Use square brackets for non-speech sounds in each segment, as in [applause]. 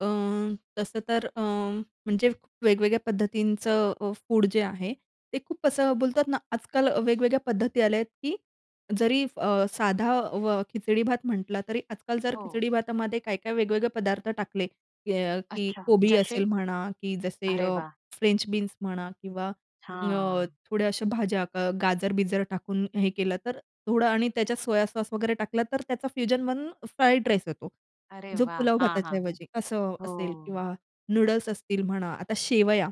अ, तसं तर अ, म्हणजे वेगवेगळ्या पद्धतीचं अ, फूड जे आहे ते खूप असं बोलतात ना आजकाल वेगवेगळ्या पद्धती आल्या आहेत की जरी, अ, साधा अ, खिचडी-भात म्हटलं तरी आजकाल जर हो. खिचडी-भातामध्ये काय-काय वेगवेगळे पदार्थ टाकले अ, की अ, अच्छा कोबी जशे? असेल म्हणा की जसे अरे अ, वाह! फ्रेंच बीन्स म्हणा किंवा अ, हां. थोड्या अशा भाज्या गाजर-बिजर टाकून हे केलं तर, थोडं आणि त्याच्यात सोया सॉस वगैरे टाकला तर त्याचा फ्युजन बनून फ्राईड राईस होतो अरे जो वाह! पुलाव हां, भाताच्या हां, हां. ऐवजी असं असेल किंवा हो. नूडल्स असतील म्हणा. आता शेवया.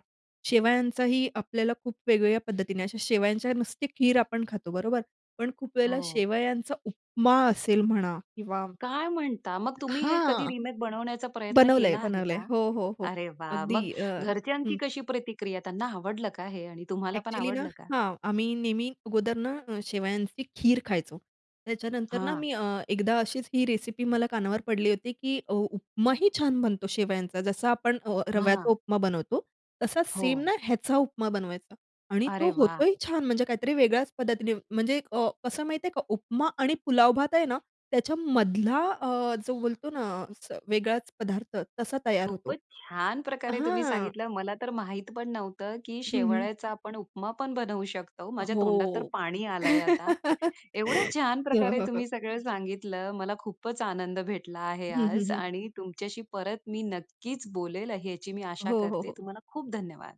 शेवयाचाही आपल्याला खूप वेगवेगळ्या पद्धतीने, अशा शेवयांच्या नुसती खीर आपण खातो बरोबर? पण खूप वेळेला हो. शेवयांचा उपमा असेल म्हणा किंवा काय म्हणता, मग तुम्ही हे कधी हां. रिमेक बनवण्याचा प्रयत्न बनवलंय, केला आहे बनवलंय. का? हो, हो, हो. अरे, वाह! अगदी मग अ घरच्यांची हं. कशी प्रतिक्रिया? त्यांना आवडलं का हे आणि तुम्हाला पण ॲक्चुअली ना आवडलं का? हां आम्ही नेहमी अगोदर ना शेवयांची खीर खायचो. त्याच्यानंतर ना हां. मी अ, एकदा अशीच ही रेसिपी मला कानावर पडली होती की उ उपमाही छान बनतो शेवयांचा. जसा आपण अ, रव्याचा हां. उपमा बनवतो तसाच सेम हो. ना ह्याचा उपमा बनवायचा आणि तो अरे वाह! होतोही छान. म्हणजे काहीतरी वेगळ्याच पद्धतीने म्हणजे अ, कसं माहिती आहे का उपमा आणि पुलाव भात आहे ना त्याच्यामधला अ, जो बोलतो ना अस वेगळाच पदार्थ तसा तयार होतो. खूपच छान प्रकारे तुम्ही हां. सांगितलं. मला तर माहीत पण नव्हतं, की हं, हं. शेवळ्याचा आपण उपमा पण बनवू शकतो. माझ्या तोंडात तर हो. पाणी आलंय आता. [laughs] एवढं छान हो, प्रकारे हो, हो. तुम्ही सगळं सांगितलं. मला खूपच आनंद भेटला आहे हं, हं, आज हं. आणि तुमच्याशी परत मी नक्कीच बोलेल याची मी आशा हो, हो, करते. हो. तुम्हाला खूप धन्यवाद.